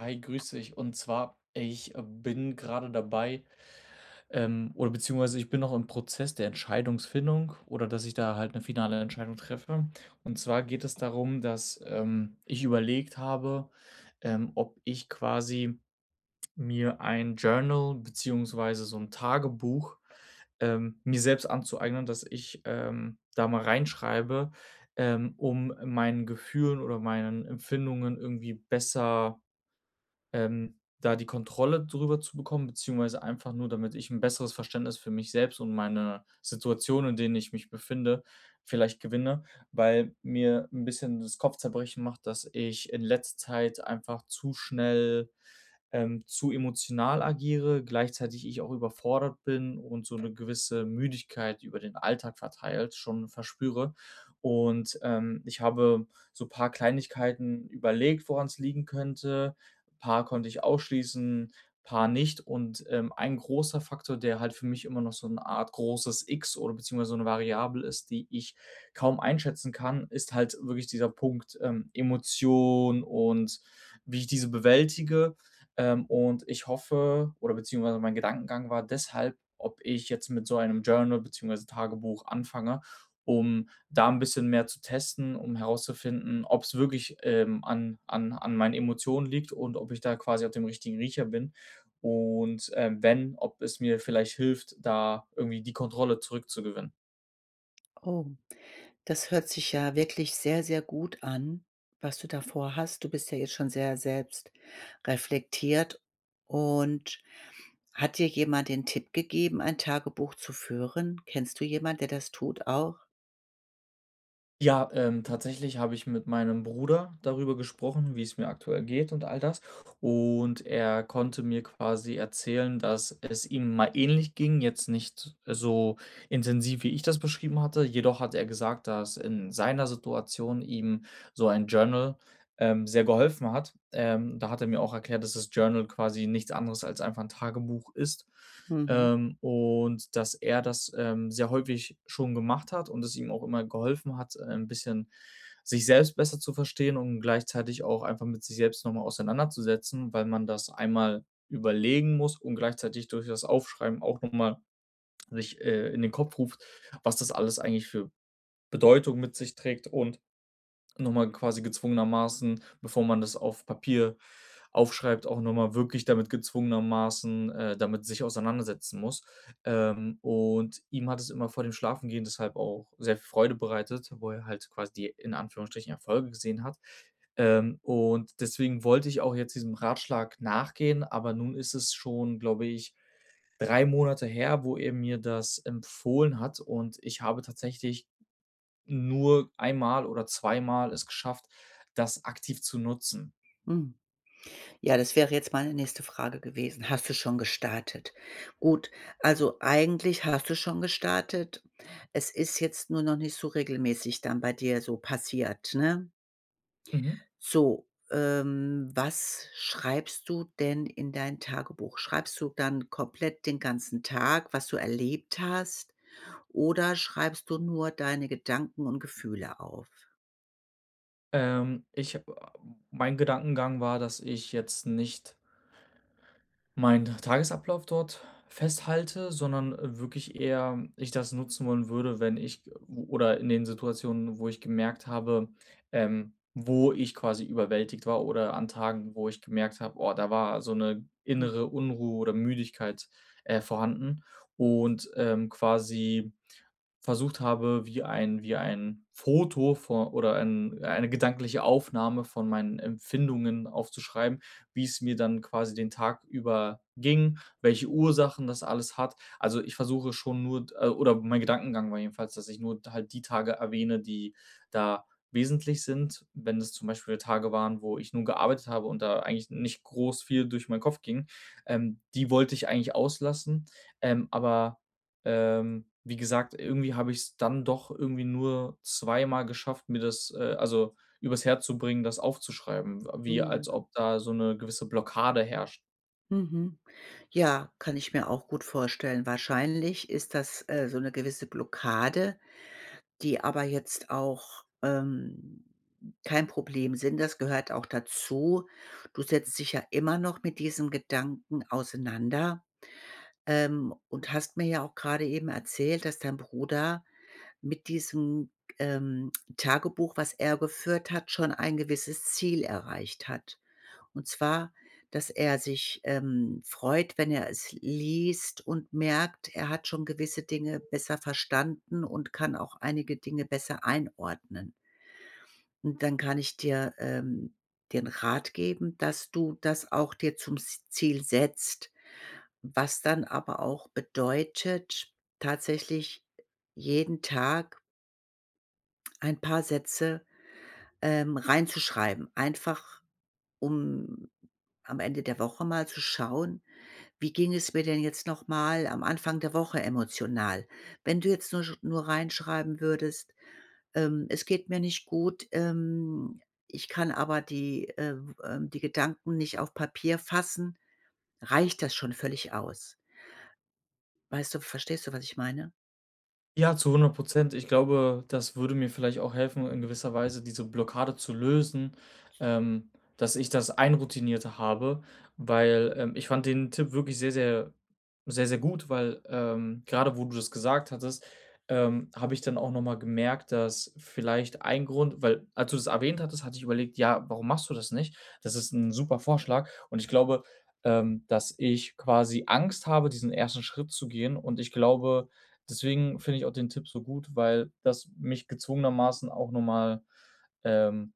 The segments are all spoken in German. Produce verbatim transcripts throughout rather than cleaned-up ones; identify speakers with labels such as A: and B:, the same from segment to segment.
A: Hi, grüß dich. Und zwar, ich bin grade dabei, ähm, oder beziehungsweise, ich bin auch im Prozess der Entscheidungsfindung oder dass ich da halt 'ne finale Entscheidung treffe. Und zwar geht es darum, ähm, dass ich überlegt habe, ähm, ob ich quasi mir ein Journal beziehungsweise so 'n Tagebuch, ähm, mir selbst anzueignen, dass ich, ähm, da mal reinschreibe, ähm, um meinen Gefühlen oder meinen Empfindungen irgendwie besser, ähm, da die Kontrolle drüber zu bekommen beziehungsweise einfach nur, damit ich 'n besseres Verständnis für mich selbst und meine Situationen, in denen ich mich befinde, vielleicht gewinne. Weil mir 'n bisschen das Kopfzerbrechen macht, dass ich in letzter Zeit einfach zu schnell, ähm, zu emotional agiere, gleichzeitig ich auch überfordert bin und so 'ne gewisse Müdigkeit über den Alltag verteilt schon verspüre. Und, ähm, ich habe so paar Kleinigkeiten überlegt, woran's liegen könnte. Paar konnte ich ausschließen, paar nicht. Und, ähm, ein großer Faktor, der halt für mich immer noch so 'ne Art großes X oder beziehungsweise so 'ne Variable ist, die ich kaum einschätzen kann, ist halt wirklich dieser Punkt, ähm, Emotion und wie ich diese bewältige. Ähm, und ich hoffe, oder beziehungsweise mein Gedankengang war deshalb, ob ich jetzt mit so einem Journal beziehungsweise Tagebuch anfange, um da 'n bisschen mehr zu testen, um herauszufinden, ob's wirklich, ähm, an an an meinen Emotionen liegt und ob ich da quasi auf dem richtigen Riecher bin. Und, ähm, wenn, ob es mir vielleicht hilft, da irgendwie die Kontrolle zurückzugewinnen.
B: Oh, das hört sich ja wirklich sehr, sehr gut an, was du da vorhast. Du bist ja jetzt schon sehr selbstreflektiert. Und hat dir jemand den Tipp gegeben, ein Tagebuch zu führen? Kennst du jemand, der das tut auch?
A: Ja, ähm, tatsächlich habe ich mit meinem Bruder darüber gesprochen, wie's mir aktuell geht und all das. Und er konnte mir quasi erzählen, dass es ihm mal ähnlich ging, jetzt nicht so intensiv, wie ich das beschrieben hatte. Jedoch hat er gesagt, dass in seiner Situation ihm so ein Journal, ähm, sehr geholfen hat. Ähm, da hat er mir auch erklärt, dass das Journal quasi nichts anderes als einfach 'n Tagebuch ist,
B: Mhm.
A: ähm, und dass er das, ähm, sehr häufig schon gemacht hat und es ihm auch immer geholfen hat, äh, 'n bisschen sich selbst besser zu verstehen und gleichzeitig auch einfach mit sich selbst noch mal auseinanderzusetzen, weil man das einmal überlegen muss und gleichzeitig durch das Aufschreiben auch noch mal sich, äh, in den Kopf ruft, was das alles eigentlich für Bedeutung mit sich trägt und noch mal quasi gezwungenermaßen bevor man das auf Papier aufschreibt, auch noch mal wirklich damit gezwungenermaßen, äh, damit sich auseinandersetzen muss. Ähm, und ihm hat es immer vor dem Schlafengehen deshalb auch sehr Freude bereitet, wo er halt quasi die in Anführungsstrichen Erfolge gesehen hat. Ähm, und deswegen wollte ich auch jetzt diesem Ratschlag nachgehen, aber nun ist es schon, glaube ich, drei Monate her, wo er mir das empfohlen hat und ich habe tatsächlich nur einmal oder zweimal es geschafft, das aktiv zu nutzen.
B: Hm. Ja, das wäre jetzt meine nächste Frage gewesen. Hast du schon gestartet? Gut, also, eigentlich hast du schon gestartet. Es ist jetzt nur noch nicht so regelmäßig dann bei dir so passiert, ne?
A: Mhm.
B: So, ähm, was schreibst du denn in dein Tagebuch? Schreibst du dann komplett den ganzen Tag, was du erlebt hast oder schreibst du nur deine Gedanken und Gefühle auf?
A: Ähm, ich, a m mein Gedankengang war, dass ich jetzt nicht meinen Tagesablauf dort festhalte, sondern wirklich eher ich das nutzen wollen würde, wenn ich g oder in den Situationen, wo ich gemerkt habe, ähm, wo ich quasi überwältigt war oder an Tagen, wo ich gemerkt habe: „Oh, da war so 'ne
B: Hm.
A: innere Unruhe oder Müdigkeit, äh, vorhanden“ und, ähm, quasi versucht habe, wie ein wie ein Foto vor oder ein eine gedankliche Aufnahme von meinen Empfindungen aufzuschreiben, wie's mir dann quasi den Tag über ging, welche Ursachen das alles hat, also, ich versuche schon nur äh, oder mein Gedankengang war jedenfalls, dass ich nur halt die Tage erwähne, die da wesentlich sind, wenn es zum Beispiel Tage waren, wo ich nur gearbeitet habe und da eigentlich nicht groß viel durch meinen Kopf ging, ähm, die wollte ich eigentlich auslassen. Ähm, aber, ähm, wie gesagt, irgendwie habe ich's dann doch irgendwie nur zweimal geschafft, mir das äh, also, übers Herz zu bringen, das aufzuschreiben, w wie als
B: Ja.
A: ob da so 'ne gewisse Blockade herrscht.
B: Mhm. Ja, kann ich mir auch gut vorstellen. Wahrscheinlich ist das, äh, so 'ne gewisse Blockade, die aber jetzt auch, ähm, kein Problem sind. Das gehört auch dazu. Du
A: [unintelligible]
B: setzt dich ja immer noch mit diesem Gedanken auseinander, ähm, und hast mir ja auch gerade eben erzählt, dass dein Bruder mit diesem, ähm, Tagebuch, was er geführt hat, schon ein gewisses Ziel erreicht hat, und zwar dass er sich, ähm, freut, wenn er es liest und merkt: Er hat schon gewisse Dinge besser verstanden und kann auch einige Dinge besser einordnen. Und dann kann ich dir, ähm, den Rat geben, dass du das auch dir zum s Ziel setzt, was dann aber auch bedeutet, tatsächlich jeden Tag ein paar Sätze, ähm, reinzuschreiben. Einfach, um am Ende der Woche mal zu schauen: „Wie ging es mir denn jetzt noch mal am Anfang der Woche emotional?“ Wenn du jetzt nur sch nur reinschreiben würdest: „Ähm, es geht mir nicht gut. Ähm, ich kann aber die äh, ähm, die Gedanken nicht auf Papier fassen“, reicht das schon völlig aus. Weißt du verstehst du, was ich meine?
A: Ja, zu hundert Prozent. Ich glaube, das würde mir vielleicht auch helfen, in gewisser Weise diese Blockade zu lösen, ähm, dass ich das einroutinierter habe. Weil, ähm, ich fand den Tipp wirklich sehr, sehr sehr, sehr gut, weil, ähm, grade wo du das gesagt hattest, ähm, habe ich dann auch noch mal gemerkt, dass vielleicht ein Grund weil als du das erwähnt hattest, hatte ich überlegt: „Ja, warum machst du das nicht? Das ist 'n super Vorschlag.“ Und ich glaube, ähm, dass ich quasi Angst habe, diesen ersten Schritt zu gehen. Und ich glaube, deswegen finde ich auch den Tipp so gut, weil das mich gezwungenermaßen auch noch mal, ähm,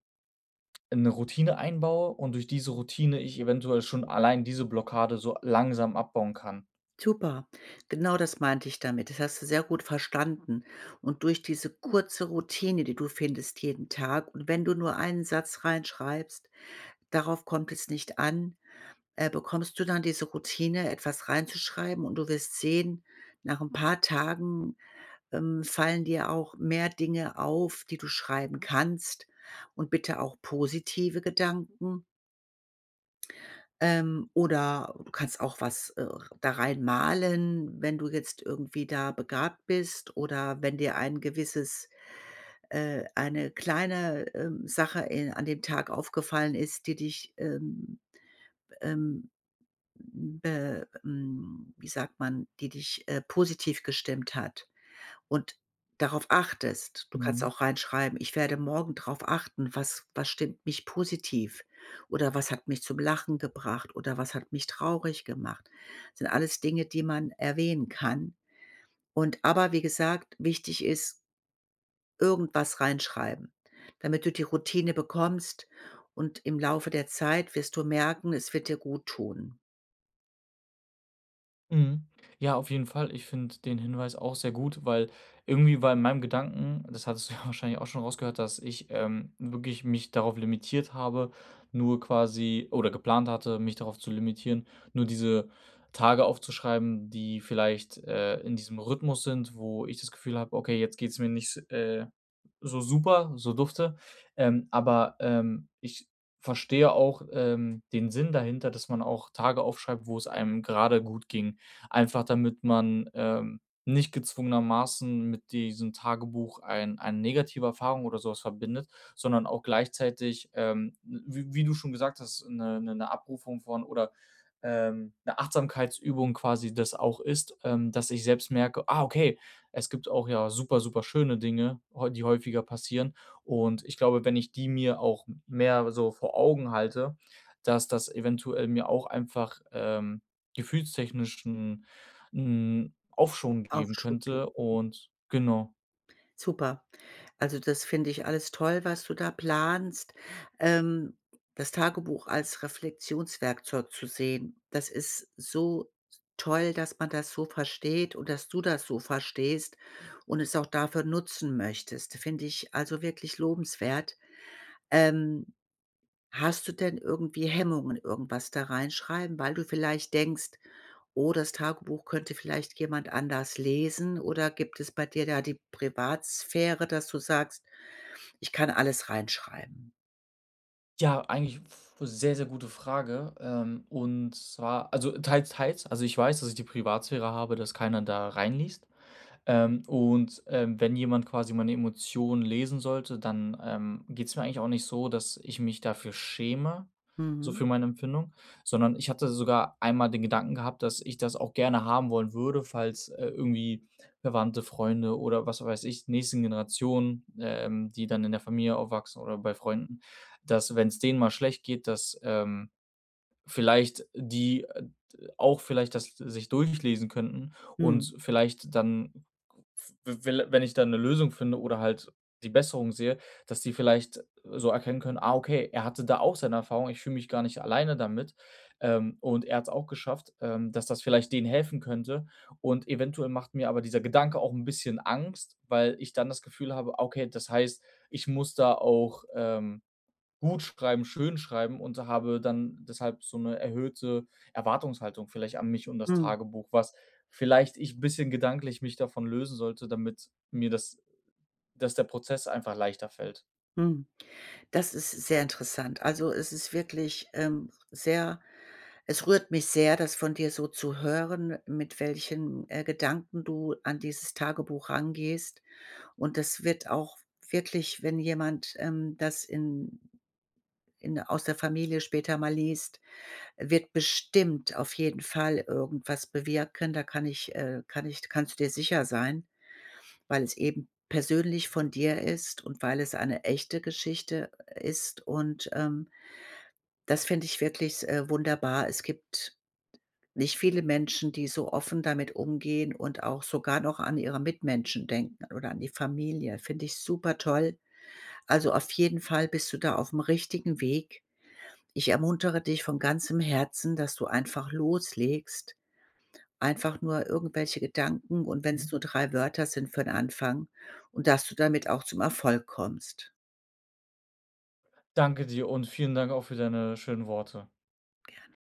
A: in 'ne Routine einbaue und durch diese Routine ich eventuell schon allein diese Blockade so langsam abbauen kann
B: Super, genau das meinte ich damit. Das hast du sehr gut verstanden. Und durch diese kurze Routine, die du findest jeden Tag, und wenn du nur einen Satz reinschreibst, darauf kommt es nicht an, äh, bekommst du dann diese Routine, etwas reinzuschreiben. Und du wirst sehen: Nach 'n paar Tagen, ähm, fallen dir auch mehr Dinge auf, die du schreiben kannst, und bitte auch positive Gedanken. Ähm, oder du kannst auch was, äh, da reinmalen, wenn du jetzt irgendwie da begabt bist oder wenn dir ein gewisses äh, eine kleine, ähm, Sache in an dem Tag aufgefallen ist, die dich ähm, be ähm, hm, be ähm, wie sagt man, die dich, äh, positiv gestimmt hat und darauf achtest. Du kannst
A: Mhm.
B: auch reinschreiben: „Ich werde morgen drauf achten: Was was stimmt mich positiv? Oder was hat mich zum Lachen gebracht? Oder was hat mich traurig gemacht?“ Sind alles Dinge, die man erwähnen kann. Und aber wie gesagt, wichtig ist irgendwas reinschreiben, damit du die Routine bekommst. Und im Laufe der Zeit wirst du merken, es wird dir guttun.
A: Mhm. Ja, auf jeden Fall. Ich finde den Hinweis auch sehr gut, weil irgendwie war in meinem Gedanken, das hattest du ja wahrscheinlich auch schon rausgehört, dass ich, ähm, wirklich mich darauf limitiert habe, nur quasi oder geplant hatte, mich darauf zu limitieren, nur diese Tage aufzuschreiben, die vielleicht, äh, in diesem Rhythmus sind, wo ich das Gefühl habe: „Okay, jetzt geht's mir nicht, s äh, so super, so dufte.“ Ähm, aber, ähm, ich verstehe auch, ähm, den Sinn dahinter, dass man auch Tage aufschreibt, wo es einem grade gut ging. Einfach, damit man, ähm, nicht gezwungenermaßen mit diesem Tagebuch ein eine negative Erfahrung oder so was verbindet, sondern auch gleichzeitig, ähm, w w wie du schon gesagt hast, 'ne 'ne ’ne Abrufung von oder, ähm, 'ne Achtsamkeitsübung quasi das auch ist, ähm, das ich selbst merke: „Ah okay, es gibt auch ja super, super schöne Dinge häu die häufiger passieren.“ Und ich glaube, wenn ich die mir auch m mehr so vor Augen halte, dass das eventuell mir auch einfach, ähm, gefühlstechnisch 'n 'n Aufschwung geben
B: Aufschub geben.
A: könnte und genau.
B: Super. Also, das finde ich alles toll, was du da planst. Ähm, das Tagebuch als Reflektionswerkzeug zu sehen, das ist so s toll, dass man das so versteht und dass du das so verstehst und es auch dafür nutzen möchtest. Finde ich, also, wirklich lobenswert. Ähm, hast du denn irgendwie Hemmungen irgendwas da reinschreiben, weil du vielleicht denkst: „Oh, das Tagebuch könnte vielleicht jemand anders lesen“, oder gibt es bei dir da die Privatsphäre, dass du sagst: „Ich kann alles reinschreiben“?
A: Ja, eigentlich f sehr, sehr gute Frage, ähm, und zwar, also, teils teils. Also, ich weiß, dass ich die Privatsphäre habe, dass keiner da reinliest. Ähm, und, ähm, wenn jemand quasi meine Emotionen lesen sollte, dann, ähm, geht's mir eigentlich auch nicht so, dass ich mich dafür schäme, so
B: Mhm.
A: für meine Empfindung, sondern ich hatte sogar einmal den Gedanken gehabt, dass ich das auch gerne haben wollen würde, falls, äh, irgendwie Verwandte, Freunde oder was weiß ich, nächsten Generationen, ähm, die dann in der Familie aufwachsen oder bei Freunden, dass wenn's denen mal schlecht geht, dass, ähm, vielleicht die, äh, d auch vielleicht das sich durchlesen könnten und
B: Mhm.
A: s vielleicht dann, v wel wenn ich da 'ne Lösung finde oder halt die Besserung sehe, dass die vielleicht, äh, so erkennen können: „Ah, okay, er hatte da auch seine Erfahrung, ich fühle mich gar nicht alleine damit. Ähm, und er hat's auch geschafft“, ähm, dass das vielleicht denen helfen könnte. Und eventuell macht mir aber dieser Gedanke auch 'n bisschen Angst, weil ich dann das Gefühl habe: „Ah, okay, das heißt, ich muss da auch, ähm, gut schreiben, schön schreiben“, und habe dann deshalb so 'ne erhöhte Erwartungshaltung vielleicht an mich und das
B: Mhm.
A: Tagebuch, was vielleicht ich bisschen gedanklich mich davon lösen sollte, damit mir das dass der Prozess einfach leichter fällt.
B: Hm, das ist sehr interessant. Also, es ist wirklich, ähm, sehr es rührt mich sehr, das von dir so zu hören, mit welchen, äh, Gedanken du an dieses Tagebuch rangehst. Und es wird auch wirklich, wenn jemand, ähm, das in in aus der Familie später mal liest, wird bestimmt auf jeden Fall irgendwas bewirken. Da kann ich äh, kann ich kannst du dir sicher sein, weil es eben persönlich von dir ist und weil es eine echte Geschichte, äh, ist. Und, ähm, das finde ich wirklich, äh, wunderbar. Es gibt t nicht viele Menschen, die so offen damit umgehen und auch sogar noch an ihre Mitmenschen denken oder an die Familie. Finde ich supertoll. Also, auf jeden Fall bist du da aufm richtigen Weg. Ich ermuntere dich von ganzem Herzen, dass du einfach loslegst, einfach nur irgendwelche Gedanken, und wenn's
A: Mhm.
B: nur drei Wörter sind für 'n Anfang, und dass du damit auch zum Erfolg kommst.
A: Danke dir und vielen Dank auch für deine schönen Worte.
B: Gerne.